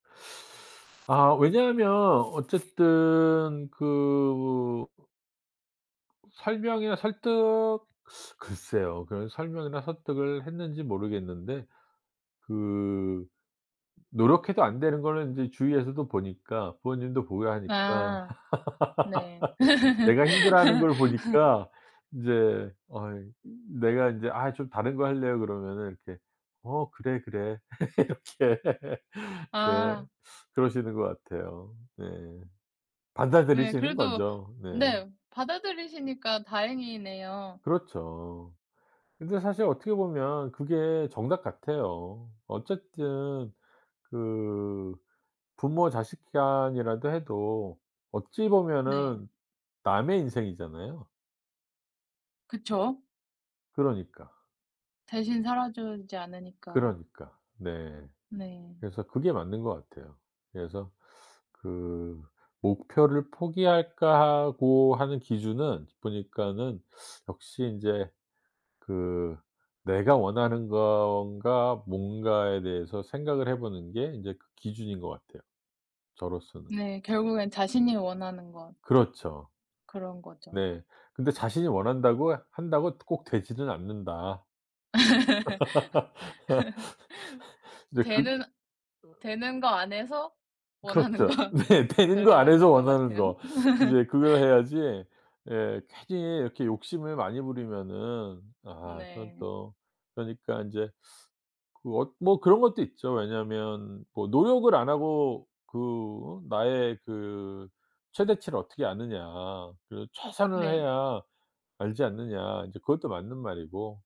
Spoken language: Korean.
아 왜냐하면 어쨌든 그 설명이나 설득 글쎄요. 그런 설명이나 설득을 했는지 모르겠는데 그 노력해도 안 되는 거는 인제 주위에서도 보니까 부모님도 보고 하니까 아. 네. 내가 힘들어하는 걸 보니까 인제 어이 이 내가 이제 "아 좀 다른 거 할래요." 그러면은 이렇게 "어 그래, 그래." 이렇게 네. 아. 그러시는 것 같아요. 네. 네. 받아들이시는 그래도 거죠. 네. 네 받아들이시니까 다행이네요. 그렇죠. 근데 사실 어떻게 보면 그게 정답 같아요. 어쨌든 그 부모 자식 간이라도 해도 어찌 네. 보면은 남의 인생이잖아요. 그쵸. 그러니까. 대신 살아 주지 않으니까. 그러니까. 네. 네. 그래서 그게 맞는 것 같아요. 그래서 그 '목표를 포기할까.' 하고 하는 기준은 보니까는 역시 인제 그 '내가 원하는 건가. 뭔가.'에 대해서 생각을 해 보는 게 인제 그 기준인 것 같아요 저로서는. 네 결국엔 자신이 원하는 것. 그렇죠. 그런 거죠. 네. 근데 자신이 원한다고 한다고 꼭 되지는 않는다. 근데 그 되는 어 되는 거 안에서 원하는 그렇죠. 거. 네 되는 거 그게 안에서 맞는 것 원하는 같아요. 거. 인제 그걸 해야지. 예. 괜히 이렇게 욕심을 많이 부리면은 아 그건 네. 또 그러니까 인제 그 어 뭐 그런 것도 있죠. 왜냐하면 뭐 "노력을 안 하고 그 나의 그 최대치를 어떻게 아느냐. 그리고 최선을 네. 해야 알지 않느냐." 인제 그것도 맞는 말이고